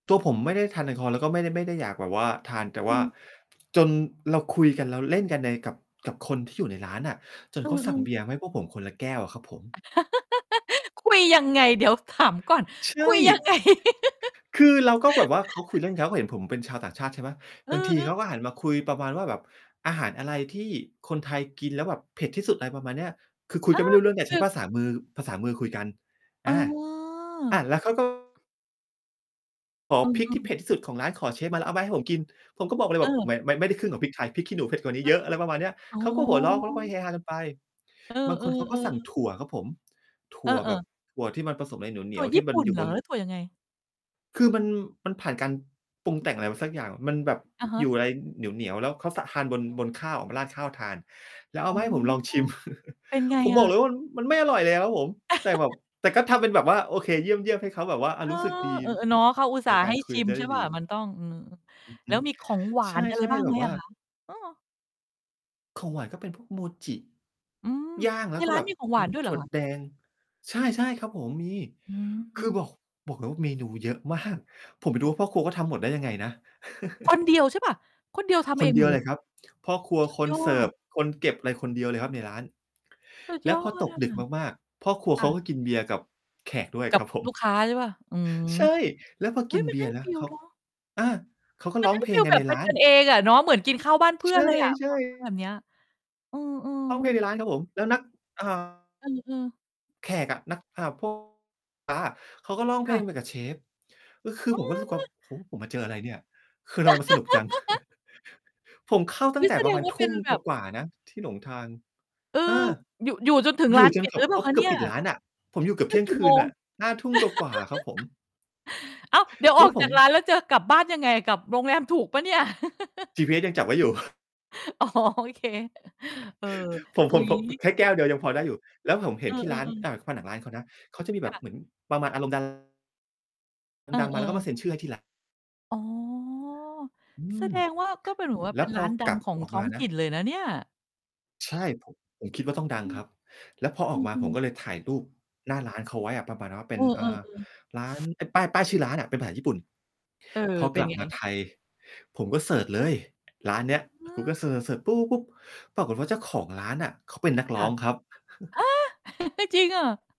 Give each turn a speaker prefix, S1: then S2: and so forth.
S1: ตัวผมไม่ได้ทานแอลกอฮอล์ แล้วก็ไม่ได้ ไม่ได้อยากแบบว่าทาน แต่
S2: อ
S1: ว
S2: ื
S1: ่า
S2: ม
S1: จนเราคุยกัน เราเล่นกันใน กับ กับคนที่อยู่ในร้านน่ะ จน
S2: อื
S1: เขาสั่ง
S2: อ
S1: เบ
S2: ๆ
S1: ียร์มาให้พวกผมคนละแก้วอะครับผม
S2: คุยยังไง? เดี๋ยวถามก่อน
S1: ใช
S2: คุยยัง
S1: ่
S2: ไง
S1: คือเราก็แบบว่า เขาคุยเล่น เขาก็เห็นผมเป็นชาวต่างชาติ ใช่ไหม
S2: เอ
S1: บ
S2: อ
S1: างที
S2: เอ
S1: เขา
S2: อ
S1: ก็หันมาคุยประมาณว่าแบบ "อาหารอะไรที่คนไทยกินแล้วแบบเผ็ดที่สุด" ไรประมาณเนี้ย คือคุ
S2: เ
S1: ย
S2: อ
S1: กันไ
S2: อ
S1: ม่รู้เรื่อง แต่
S2: ค
S1: ใช
S2: ื
S1: ้
S2: อ
S1: ภาษามือ ภาษามือคุยกัน
S2: อ
S1: อ
S2: ๋
S1: า อ่า
S2: อ
S1: แล้วเขา ก็ ขอ
S2: เอ
S1: พริกที่เผ
S2: อ ๆ
S1: ็ดที่สุดของร้าน ขอเชฟมาแล้วเอามาให้ผมกิน ผมก็บอกเลยแ
S2: เ
S1: บบ
S2: ออ
S1: ม มันไม่ได้ครึ่งของพริกไทย พริกขี้หนูเผ็ดกว่านี
S2: เ
S1: ้
S2: ออ
S1: เยอะ อะไรประมาณเนี้ย
S2: ๆ อ๋อ
S1: เขาก็หัวเราะ แล้วเขาก็เฮฮากันไป
S2: เออ
S1: บางคนเขาก็สั่ง
S2: ๆ ๆ
S1: ถั่วครับผม ถ
S2: เ
S1: ั
S2: อ
S1: ่วแบ
S2: อ
S1: บ
S2: ๆ
S1: ถั่วที่มันผสมอะไรเหน
S2: ถ
S1: ี
S2: ั่
S1: ย
S2: ว
S1: ว ๆ ท
S2: ญ
S1: ี่
S2: ี่
S1: ม
S2: ป
S1: ัน
S2: ุ่น
S1: อยู่
S2: เหร
S1: บ
S2: อ
S1: น
S2: หรือถั่วยังไง?
S1: คือมัน มันผ่านการปรุงแต่งอะไรมาสักอย่าง มันแบบ
S2: อะฮ
S1: อยู
S2: ะ
S1: ่อะไรเหนียว ๆ แล้วเขาซะ ทานบน บนข้าวมาราดข้าวทาน แล้วเอ
S2: อ
S1: า
S2: ๋อ
S1: มาให้ผมลองชิม
S2: เป็นไง
S1: ผม
S2: อ
S1: บอกเ
S2: ะ?
S1: ลยว่า อืม มันไม่อร่อยเลยครับผม แต่แบบ แต่ก็ทำเป็นแบบว่า "โอเค เยี่ยม ๆ" ให้เขาแบบว่า อา
S2: เอ
S1: ร
S2: อ
S1: ู้สึกดี
S2: เออ ๆ เนาะ เขาอุต
S1: ใ
S2: ส
S1: น
S2: ่าห์
S1: ก
S2: ใ
S1: า
S2: ห
S1: ร
S2: ้
S1: คุย
S2: ช
S1: ม
S2: ิ
S1: ัน
S2: ม
S1: จะ
S2: ใช
S1: ได
S2: ่
S1: ้
S2: เป
S1: ด
S2: ล่
S1: ี
S2: า มันต้อง อืม
S1: อือฮ
S2: แล
S1: ึ
S2: ้วมีของหวา
S1: ใ
S2: นอะไร
S1: ช่
S2: บ้า
S1: ๆ
S2: ง
S1: แบ
S2: ไห
S1: บ
S2: ม
S1: ว่
S2: อ
S1: า
S2: ะคะ? เออ
S1: ของหวานก็เป็นพวกโมจิ
S2: อืม
S1: ย่าง แ
S2: ใ
S1: ล
S2: น
S1: ้วก็
S2: ร้า
S1: แบ
S2: น
S1: บ
S2: มีของห
S1: เ
S2: ว
S1: ป็
S2: า
S1: น
S2: น ด้วยเ
S1: ถ
S2: หร
S1: ั
S2: อ
S1: ่ว
S2: คะ?
S1: แดง ใช่ ๆ ครับผม มี
S2: อื
S1: คือบ
S2: ม
S1: อก บอกเลยว่าเมนูเยอะมาก ผมไป
S2: โ
S1: ด
S2: อ
S1: ู
S2: ้
S1: ว่าพ่อครัวเขาทำหมดได้ยังไงนะ
S2: คนเดียวใช่เปล่า? คนเดียวทำ
S1: ค
S2: เอ
S1: น
S2: ง
S1: เ
S2: ห
S1: ด
S2: ม
S1: ีย
S2: ด
S1: ว
S2: เล
S1: เล
S2: ย
S1: ยครับ พ่อครัว
S2: สุด
S1: คน
S2: ย
S1: เ
S2: อ
S1: สิร์ฟ
S2: ด
S1: คนเก็บ อะไรคนเดียวเลยครับ ในร้าน
S2: สุด
S1: แล้
S2: ย
S1: ว
S2: อ
S1: พอ
S2: ด
S1: ตก
S2: อะ
S1: ดึกมาก ๆ พ่อครัว
S2: ค
S1: เ
S2: ่
S1: ขา
S2: ะ
S1: ก็กินเบียร์กับแขกด้วย
S2: กั
S1: ค
S2: บ
S1: รับผม
S2: ลูกค้า ใช่เปล่า อืม
S1: ใช่ แล้วพอ
S2: เฮ
S1: ก
S2: ้
S1: ิ
S2: ย
S1: น
S2: มั
S1: เบ
S2: นใ
S1: ี
S2: ห้
S1: ยร์น
S2: ฟ
S1: ะ
S2: ี
S1: เ
S2: ล
S1: ขา
S2: เนาะ
S1: อา เขาก็
S2: ม
S1: ร
S2: ั
S1: ้
S2: น
S1: อง
S2: ให้
S1: เพล
S2: ฟี
S1: ง
S2: ล
S1: กั
S2: แ
S1: น
S2: บ
S1: ใน
S2: บเป็
S1: ร้
S2: น
S1: าน
S2: กัน เองอะเนาะ เหมือนกินข้าวบ้านเพื่
S1: ใช
S2: อน
S1: ่
S2: เลยอะ
S1: ใช
S2: พ
S1: ่
S2: อฟัง แบบเนี้ย อือ
S1: ร้องเ
S2: ๆ
S1: พลงที่ในร้านครับผม แล้วนัก อ่า
S2: เออ ๆ
S1: แขกอะ นัก อ่า พวก อา เขาก็ร้องเ
S2: ค
S1: พ
S2: ่
S1: ล
S2: ะ
S1: งไปกับเชฟ ก็คือ
S2: เ
S1: ผมก็
S2: อ
S1: รู้สึกว่า
S2: อ
S1: "โอ้ ผมมาเจออะไรเนี่ย? คือทำไมมันสนุกจัง?" ผมเข้า
S2: อ
S1: ตั
S2: ุ
S1: ้
S2: ๊
S1: ง
S2: ย
S1: แต่
S2: แส
S1: ป
S2: ด
S1: ระ
S2: ง
S1: มาณ
S2: ว่า
S1: ท
S2: เป็
S1: ุ่
S2: น
S1: ม
S2: แบบ
S1: กว่า ๆ นะที่หลงทาง
S2: เออ
S1: เออ
S2: อยู่ อยู่จนถึง
S1: อย
S2: ร้
S1: ู
S2: า
S1: ่
S2: น
S1: จ
S2: ป
S1: น
S2: ิ
S1: เ
S2: ด
S1: กื
S2: ห
S1: อ
S2: ร
S1: บ
S2: ือเป
S1: เ
S2: ล
S1: ข
S2: ่า
S1: า
S2: คะ
S1: เก
S2: เ
S1: ื
S2: นี
S1: อ
S2: ่
S1: บ
S2: ย?
S1: ปิดร้านอะ ผมอยู่เกือบ
S2: ถ
S1: เท
S2: ึ
S1: ี่
S2: ง
S1: ยง
S2: กี่
S1: ค
S2: โ
S1: ื
S2: ม
S1: น
S2: ง?
S1: อะ 5 ทุ่มกว่า ๆ อะครับผม
S2: อ้าว เดี๋ยว
S1: แ
S2: อ
S1: ล้
S2: อ
S1: ว
S2: ก
S1: ผ
S2: จา
S1: ม
S2: กร้านแล้วจะกลับบ้านยังไง? กลับโรงแรมถูกเปล่าเนี่ย?
S1: จีพีเอสยังจับไว้อยู่
S2: อ๋อ โอเค เออ
S1: ผม
S2: อุ
S1: ผ
S2: ๊
S1: ม
S2: ย
S1: ผม ค แค่แก้วเดียวยังพอได้อยู่ แล้วผมเ
S2: เ
S1: ห
S2: อ
S1: ็
S2: อ
S1: นที่ร้าน
S2: ๆ ๆ
S1: อ่า ผนังร้านเขานะ เขาจะมีแ
S2: ค
S1: บบ
S2: ่ะ
S1: เหมือนประมาณอารมณ์ ดารา
S2: เออ
S1: ดัง ๆ
S2: เ
S1: ม
S2: อ
S1: า
S2: อ
S1: แล้วก็มาเซ็นชื่อให้ที่ ร้าน
S2: อ๋อ
S1: อื
S2: แส
S1: ม
S2: ดงว่าก็เป็นแบบ ว่า
S1: แล้
S2: เป็
S1: ว
S2: น
S1: พ
S2: ร้
S1: อ
S2: านดั
S1: กล
S2: ง
S1: ับ
S2: ของ
S1: ออก
S2: ท้
S1: ม
S2: อ
S1: า
S2: ง
S1: น
S2: ถ
S1: ะ
S2: ิ่นเลยนะเนี่ย
S1: ใช่ ผ ผมคิดว่าต้องดัง
S2: อื
S1: ค
S2: ม
S1: รับ แล้วพออ
S2: อ
S1: อกมา
S2: ื
S1: ผ
S2: ม
S1: มก
S2: ๆ
S1: ็เลยถ่ายรูปหน้าร้านเขาไว้อะประมาณว่าเป
S2: เ
S1: ็
S2: อ
S1: น
S2: อ ๆ
S1: อ
S2: เ
S1: ่
S2: อ
S1: า
S2: อ
S1: ร้าน เป็นป้าย ป้ายชื่อร้านอะ เป็นภาษา ญี่ปุ่น
S2: เออ
S1: พอ
S2: เ
S1: ก
S2: ป็
S1: ล
S2: น
S1: ับ
S2: ไง?
S1: มาไทย ผมก็เซิร์ชเลย ร้านเนี้ย
S2: อ
S1: Google
S2: า
S1: เซิร์ช ๆ ๆ ปุ๊บ ๆ ๆ ปรากฏว่าเจ้าของร้านน่ะ เขาเป็นนัก
S2: ค
S1: ร
S2: ่
S1: ้อ
S2: ะ
S1: งครับ
S2: ฮะ! จริงอะ?